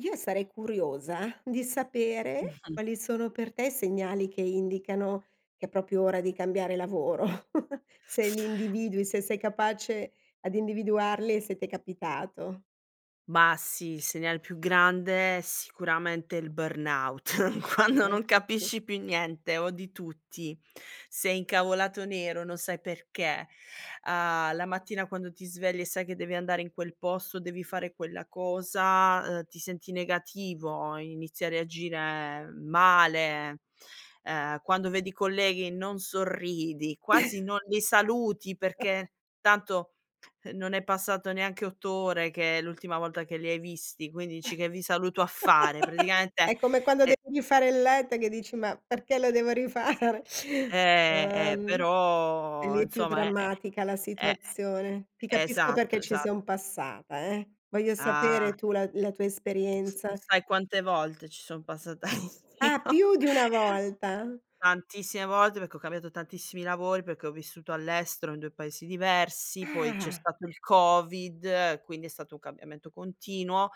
Io sarei curiosa di sapere quali sono per te i segnali che indicano che è proprio ora di cambiare lavoro. Se li individui, se sei capace ad individuarli e se t'è capitato. Ma sì. Il segnale più grande sicuramente il burnout, quando non [unintelligible] capisci più niente o di tutti sei incavolato nero non sai perché, uhm, la mattina quando ti svegli e sai che devi andare in quel posto, devi fare quella cosa, ehm, ti senti negativo, inizi a reagire male, ehm, quando vedi i colleghi non sorridi, quasi non li saluti perché tanto, ehm, non è passato neanche 8 ore che è l'ultima volta che li hai visti, quindi dici: "Che vi saluto a fare", praticamente, È come quando e devi fare il letto e che dici: "Ma perché lo devo rifare". Eh, eh, Uhm, però lì è più insomma è è drammatica la è situazione. Ti e capisco esatto, perché ci esat son passata, eh. Voglio Ah. sapere tu la la tua S esperienza. sai quante volte ci son passata io. Ah, più di 1 volta. Tantissime volte, perché ho cambiato tantissimi lavori, perché ho vissuto all'estero in 2 paesi diversi, poi c'è Ah. stato il covid, quindi è stato un cambiamento continuo.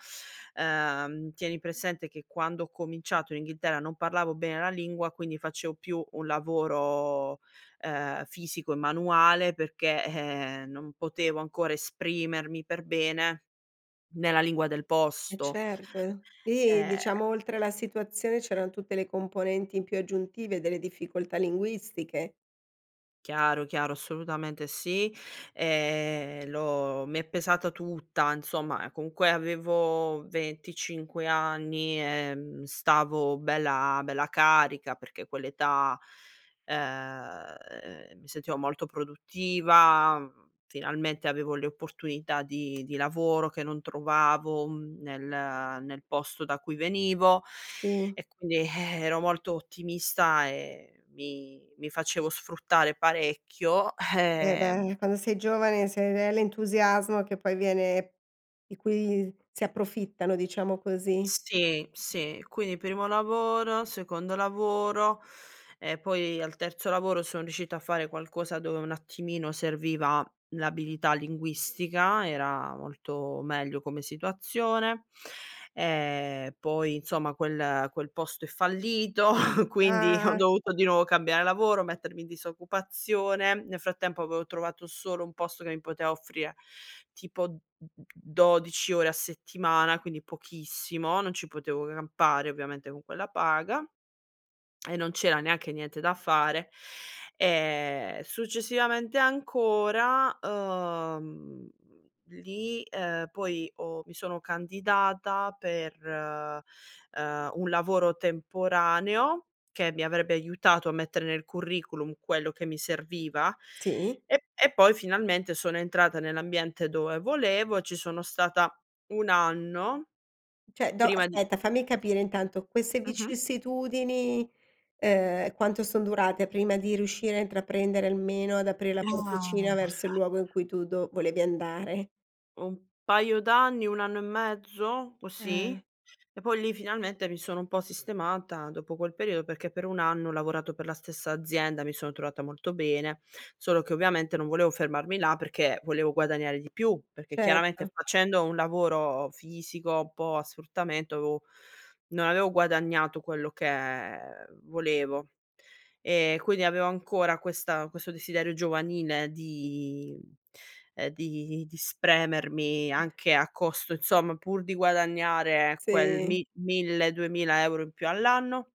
Ehm, tieni presente che quando ho cominciato in Inghilterra non parlavo bene la lingua, quindi facevo più un lavoro, ehm, fisico e manuale perché, eh, perché non potevo ancora esprimermi per bene nella lingua del Eh posto. certo, eh. Eh Eh diciamo oltre alla situazione c'eran tutte le componenti più aggiuntive delle difficoltà linguistiche. Chiaro, chiaro, assolutamente sì. Ehm, l'ho mi è pesata tutta insomma, ehm, comunque avevo 25 anni, ehm, stavo bella, bella carica perché quell'età, ehm, mi sentivo molto produttiva, finalmente avevo le opportunità di di lavoro che non trovavo nel nel posto da cui venivo Sì. e quindi, eh, ero molto ottimista e mi mi facevo sfruttare parecchio. Eh Ehm beh quando sei giovane, se è l l'entusiasmo che poi viene di cui si approfittano, diciamo così. Sì, sì. Quindi primo lavoro, secondo lavoro e poi al terzo lavoro son riuscita a fare qualcosa dove un attimino serviva l'abilità linguistica era molto meglio come situazione. Ehm, poi insomma quel quel posto è fallito, quindi ho Ah. dovuto di nuovo cambiare lavoro, mettermi in disoccupazione, nel frattempo avevo trovato solo un posto che mi poteva offrire tipo d d 12 ore a settimana, quindi pochissimo, non ci potevo campare ovviamente con quella paga e non c'era neanche niente da fare e successivamente ancora, mhmm, lì, ehm, poi ho mi sono candidata per, ehm, un lavoro temporaneo che mi avrebbe aiutato a mettere nel curriculum quello che mi serviva Sì. e e poi finalmente sono entrata nell'ambiente dove volevo e ci sono stata 1 anno, Cioè do prima di aspetta fammi capire intanto queste Mh-mh. vicissitudini, ehm, quanto son durate prima di riuscire a intraprendere, almeno ad aprire la Uhm, porticina maga verso il luogo in cui tu do volevi andare? Un paio d'anni, 1 anno e mezzo, così. Ah. E poi lì finalmente mi sono un po' sistemata dopo quel periodo, perché per 1 anno ho lavorato per la stessa azienda, mi sono trovata molto bene, solo che ovviamente non volevo fermarmi là perché volevo guadagnare di più, perché chiaramente Certo. facendo un lavoro fisico, un po' a sfruttamento, avevo non avevo guadagnato quello che volevo e quindi avevo ancora questa questo desiderio giovanile di, ehm, di di spremermi anche a costo insomma pur di guadagnare quel Sì. mi 1000, 2000 € in più all'anno.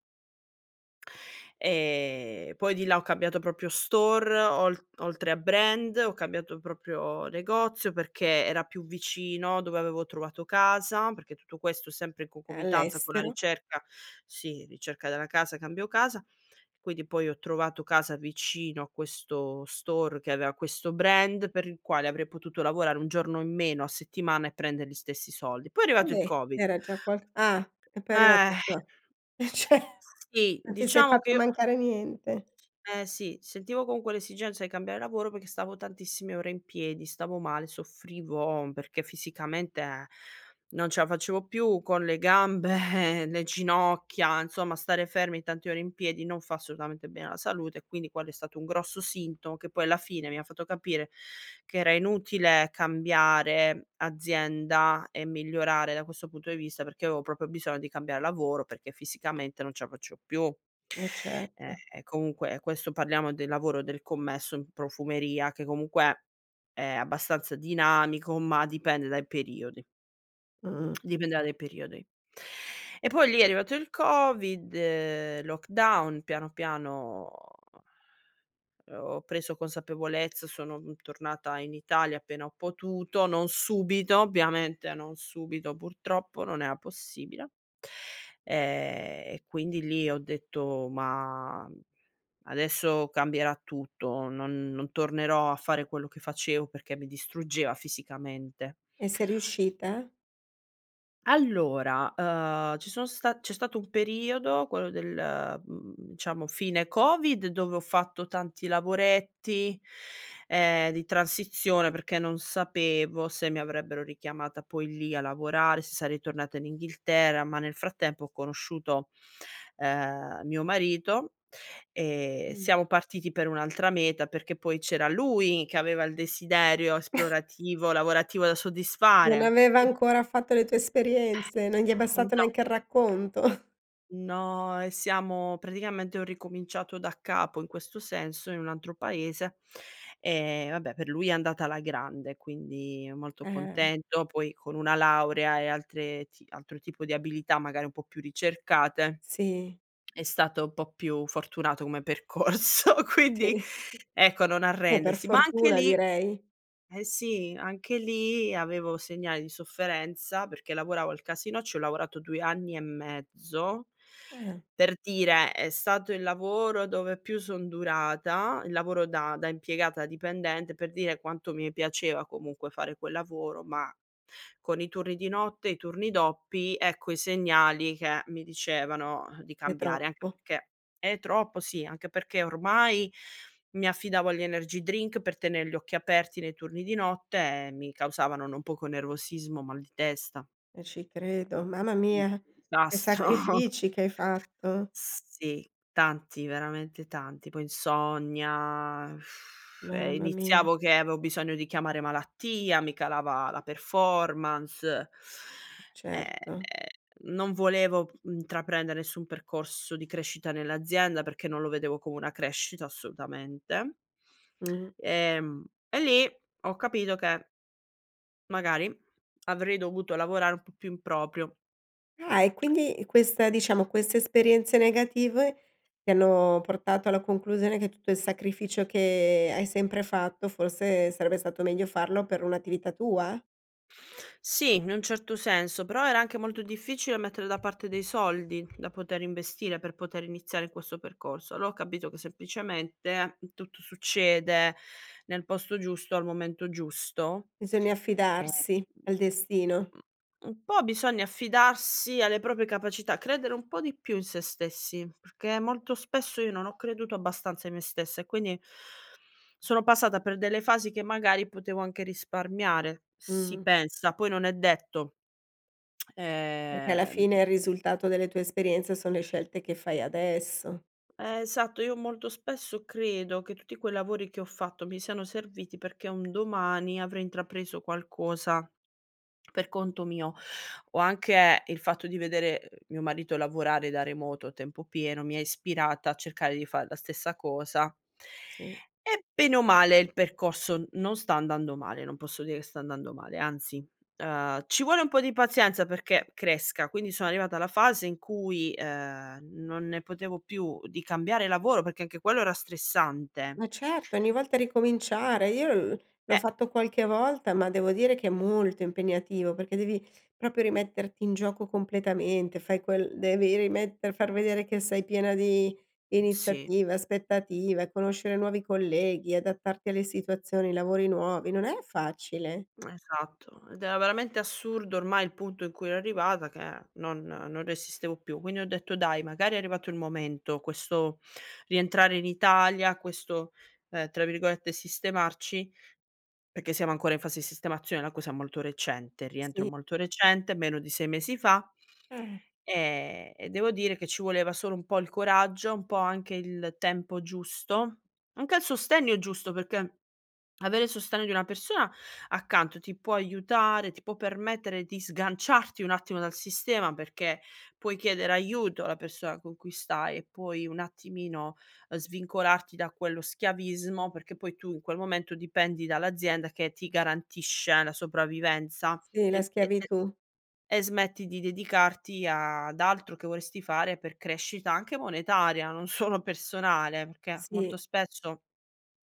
Ehm, poi di là ho cambiato proprio store ol oltre a brand, ho cambiato proprio negozio, perché era più vicino dove avevo trovato casa, perché tutto questo sempre in concomitanza con la All'estero. ricerca sì ricerca della casa, cambio casa quindi poi ho trovato casa vicino a questo store che aveva questo brand per il quale avrei potuto lavorare 1 giorno in meno a settimana e prendere gli stessi soldi. Poi è Ah arrivato il beh Covid. era già qual ah! E poi è arrivato Eh. il co eh ce Sì non ti sei diciamo che fatta io mancare niente. Eh sì, sentivo con quell'esigenza di cambiare lavoro perché stavo tantissime ore in piedi, stavo male, soffrivo perché fisicamente non ce la facevo più con le gambe, ehm, le ginocchia, insomma stare fermi tanti ore in piedi non fa assolutamente bene alla salute e quindi quello è stato un grosso sintomo che poi alla fine mi ha fatto capire che era inutile cambiare azienda e migliorare da questo punto di vista perché io avevo proprio bisogno di cambiare lavoro, perché fisicamente non ce la facevo più. Eh E certo. e comunque questo parliamo del lavoro del commesso in profumeria, che comunque è abbastanza dinamico, ma dipende dai periodi. Mh. Dipende da dei periodi. E poi lì è arrivato il Covid, lockdown, piano piano uhm, ho preso consapevolezza sono, mhmm, tornata in Italia appena ho potuto non subito, ovviamente non subito, purtroppo. Non era possibile. Eh e quindi lì ho detto: "Ma adesso cambierà tutto, non non tornerò a fare quello che facevo perché mi distruggeva fisicamente". E sei riuscita? Allora, ehm, ci sono sta c'è stato un periodo quello del, mhmm, diciamo fine Covid dove ho fatto tanti lavoretti, ehm, di transizione perché non sapevo se mi avrebbero richiamata poi lì a lavorare, se sarei tornata in Inghilterra ma nel frattempo ho conosciuto, ehm, mio marito e Mh. siamo partiti per un'altra meta, perché poi c'era lui che aveva il desiderio esplorativo, lavorativo da Non soddisfare. aveva Qui ancora fatto le tue esperienze, non gli è bastato No. neanche il racconto. No e siamo praticamente ho ricominciato da capo in questo senso, in un altro paese, e vabbè per lui è andata alla grande quindi molto Eh. contento poi con una laurea e altre ti altro tipo di abilità, magari un po' più ricercate Sì. è stato un po' più fortunato come percorso, quindi Sì. ecco non Eh per arrendersi. Ma anche fortuna lì direi. eh sì, anche lì avevo segnali di sofferenza perché lavoravo al casinò, ci ho lavorato 2 anni e mezzo, Eh. per dire è stato il lavoro dove più son durata, il lavoro da da impiegata, dipendente, per dire quanto mi piaceva comunque fare quel lavoro ma con i turni di notte e i turni doppi ecco, i segnali che mi dicevano, uh, di È cambiare. Anche troppo. perché è troppo sì, anche perché ormai mi affidavo agli energy drink per tener gli occhi aperti nei turni di notte e mi causavano non poco nervosismo, mal di testa. E ci credo. Mamma Un mia! Che disastro. sacrifici che hai fatto! Sì. Tanti, veramente tanti. Poi insonnia, e Mamma mi iniziavo che avevo bisogno di chiamare malattia, mi calava la performance ehm, Certo. non volevo intraprendere nessun percorso di crescita nell'azienda perché non lo vedevo come una crescita, assolutamente. Mh-mh. Ehm, e lì ho capito che magari avrei dovuto lavorare un po' più in proprio. Ah, e quindi questa diciamo queste esperienze negative ti hanno portato alla conclusione che tutto il sacrificio che hai sempre fatto forse sarebbe stato meglio farlo per un'attività tua? Sì, in un certo senso, però era anche molto difficile mettere da parte dei soldi da poter investire, per poter iniziare questo percorso. Allora ho capito che semplicemente tutto succede nel posto giusto al momento giusto. Bisogna E, affidarsi al destino. mhmm, u un po' bisogna affidarsi alle proprie capacità, credere un po' di più in se stessi, perché molto spesso io non ho creduto abbastanza in me stessa e quindi, sono passata per delle fasi che magari potevo anche risparmiare, si Mh. pensa, poi non è detto. Perché alla Ehm fine il risultato delle tue esperienze sono le scelte che fai adesso. Eh, esatto, io molto spesso credo che tutti quei lavori che ho fatto mi siano serviti perché un domani avrei intrapreso qualcosa per conto mio o anche il fatto di vedere, ehm, mio marito lavorare da remoto a tempo pieno mi ha ispirata a cercare di far la stessa cosa Sì. e bene o male il percorso non sta andando male, non posso dire che sta andando male anzi, ehm, ci vuole un po' di pazienza perché cresca, quindi sono arrivata alla fase in cui, ehm, non ne potevo più di cambiare lavoro perché anche quello era stressante. Ma certo, ogni volta ricominciare. Io u l'ho Eh. fatto qualche volta ma devo dire che è molto impegnativo perché devi proprio rimetterti in gioco completamente, fai quel devi rimette far vedere che sei piena di Sì. iniziativa, aspettativa, conoscere nuovi colleghi, adattarti alle situazioni, i lavori nuovi, non è facile. Esatto, ed era veramente assurdo ormai il punto in cui ero arrivata che non non resistevo più. Quindi ho detto: "Dai, magari è arrivato il momento", questo rientrare in Italia, questo, ehm, tra virgolette, "sistemarci", perché siamo ancora in fase di sistemazione, è una cosa molto recente, rientro Sì. molto recente, meno di 6 mesi fa, Eh. ehm, e devo dire che ci voleva solo un po' il coraggio, un po' anche il tempo giusto, anche al sostegno giusto perché avere il sostegno di una persona accanto ti può aiutare, ti può permettere di sganciarti un attimo dal sistema, perché puoi chiedere aiuto alla persona con cui stai e poi un attimino svincolarti da quello schiavismo, perché poi tu in quel momento dipendi dall'azienda che ti garantisce la sopravvivenza Sì, la e e e schiavitù. e smetti di dedicarti ad altro che vorresti fare per crescita anche monetaria, non solo personale, perché molto Sì. spesso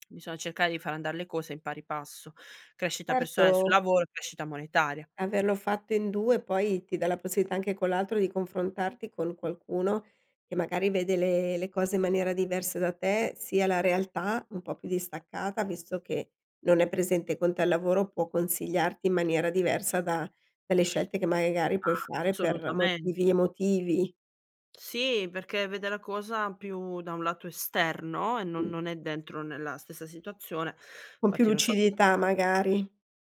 bisogna cercare di far andar le cose in pari passo, crescita personale sul Erto. lavoro, crescita monetaria. Averlo fatto in 2 poi ti dà la possibilità anche con l'altro di confrontarti con qualcuno che magari vede le le cose in maniera diversa da te, sia la realtà, un po' più distaccata visto che non è presente con te al lavoro, può consigliarti in maniera diversa da delle scelte che magari puoi fare per Assolutamen motivi emotivi. Sì perché vede la cosa più da un lato esterno e non Mh. non è dentro nella stessa situazione, Con più fatti non so lucidità magari.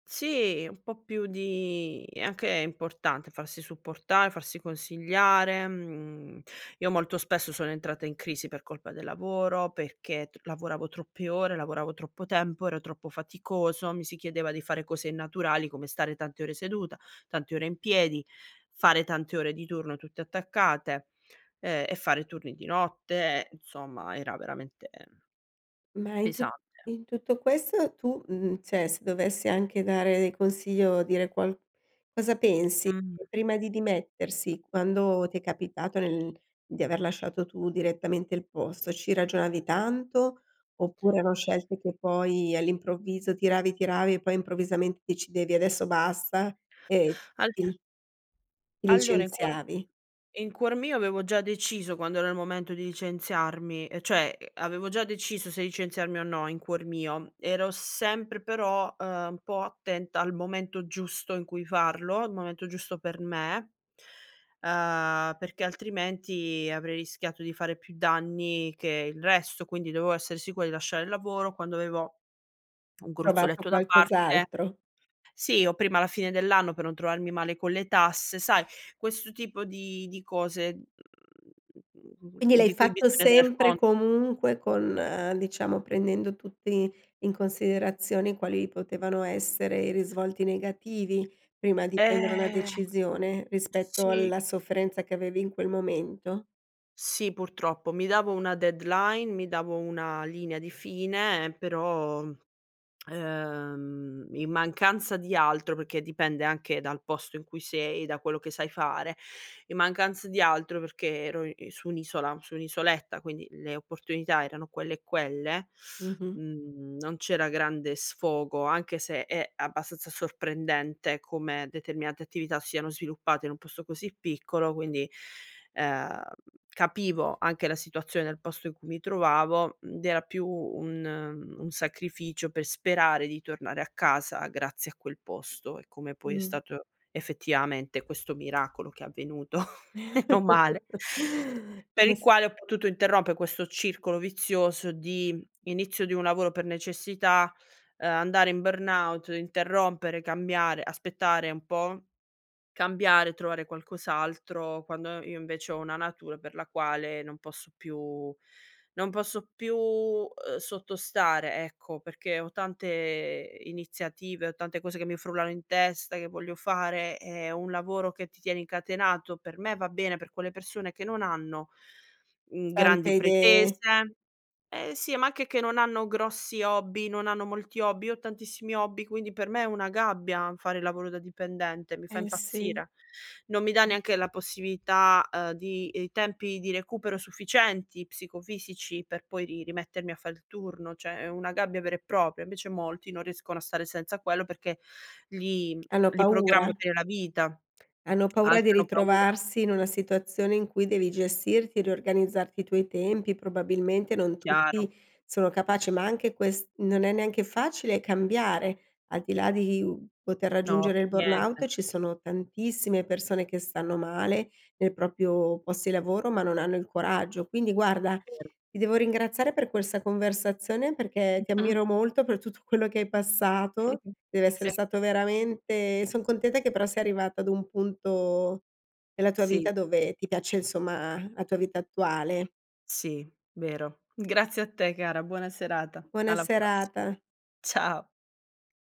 Sì, un po' più di è anche importante farsi supportare, farsi consigliare. Mhmm, io molto spesso sono entrata in crisi per colpa del lavoro, perché tr lavoravo troppe ore, lavoravo troppo tempo, ero troppo faticoso, mi si chiedeva di fare cose innaturali, come stare tante ore seduta, tante ore in piedi, fare tante ore di turno tutte attaccate e e fare turni di notte, insomma era veramente Ma in tu pesante. in tutto questo tu, mhmm, cioè se dovessi anche dare del consiglio, dire qual cosa pensi? Mh. Prima di dimettersi quando ti è capitato nel di aver lasciato tu direttamente il posto, ci ragionavi tanto oppure erano scelte che poi all'improvviso, tiravi tiravi, e poi improvvisamente decidevi: "Adesso basta", e All ti ti Allora in cuor licenziavi? in cuor mio avevo già deciso quando era il momento di licenziarmi e cioè avevo già deciso se licenziarmi o no in cuor mio, ero sempre però, ehm, un po' attenta al momento giusto in cui farlo, il momento giusto per me, ehm, perché altrimenti avrei rischiato di fare più danni che il resto, quindi dovevo essere sicuro di lasciare il lavoro quando avevo un Trovato gruzzoletto da parte qualcos'altro. Sì o prima la fine dell'anno per non trovarmi male con le tasse, sai questo tipo di di cose, mhmm, Quindi l'hai di cui fatto bisogna tener sempre conto. comunque con diciamo prendendo tutti in considerazioni quali potevano essere i risvolti negativi, prima di prendere una Eh. decisione rispetto Sì. alla sofferenza che avevi in quel momento? Sì purtroppo. Mi davo una deadline, mi davo una linea di fine, ehm, però, mhmm, ehm, in mancanza di altro, perché dipende anche dal posto in cui sei, da quello che sai fare. In mancanza di altro perché ero i su un'isola, su un'isoletta, quindi le opportunità erano quelle e quelle, Mh-mh. mhmm, non c'era grande sfogo, anche se è abbastanza sorprendente come determinate attività siano sviluppate in un posto così piccolo quindi, ehm, capivo anche la situazione del posto in cui mi trovavo, mhmm, ed era più un un sacrificio per sperare di tornare a casa, grazie a quel posto e come poi è Mh. stato effettivamente questo miracolo che è avvenuto. Meno male. Per il [unintelligible] quale ho potuto interrompe questo circolo vizioso di: inizio di un lavoro per necessità, ehm, andare in burnout, interrompere, cambiare, aspettare un po', cambiare, trovare qualcos'altro, quando io invece ho una natura per la quale non posso più non posso più, ehm, sottostare, ecco perché ho tante iniziative, ho tante cose che mi frullano in testa, che voglio fare e un lavoro che ti tiene incatenato per me va bene per quelle persone che non hanno, mhmm, grandi Tante idee. pretese eh sì ma anche che non hanno grossi hobby, non hanno molti hobby, io ho tantissimi hobby quindi per me è una gabbia fare il lavoro da dipendente, mi fa Eh sì. impazzire. Non mi dà Mh. neanche la possibilità, ehm, di i tempi di recupero sufficienti psicofisici per poi ri rimettermi a fare il turno, cioè è una gabbia vera e propria. Invece molti non riescono a stare senza quello, perché li Hanno li programma paura. per la vita. Hanno paura Altri di hanno paura. ritrovarsi in una situazione in cui devi gestirti, riorganizzarti i tuoi tempi, probabilmente non Chiaro. tutti sono capaci. Ma anche quest non è neanche facile cambiare, al di là di, uhm, poter No raggiungere per il burnout, niente. ci sono tantissime persone che stanno male nei proprio post di lavoro ma non hanno il coraggio. Quindi guarda, Ver ti devo ringraziare per questa conversazione perché ti ammiro molto per tutto quello che hai passato, deve essere Sì. stato veramente son contenta che però sei arrivata ad un punto nella tua Sì. vita dove ti piace insomma la tua vita attuale. Sì. Vero. Grazie a te cara, buona serata. Buona Alla prossi serata. ciao.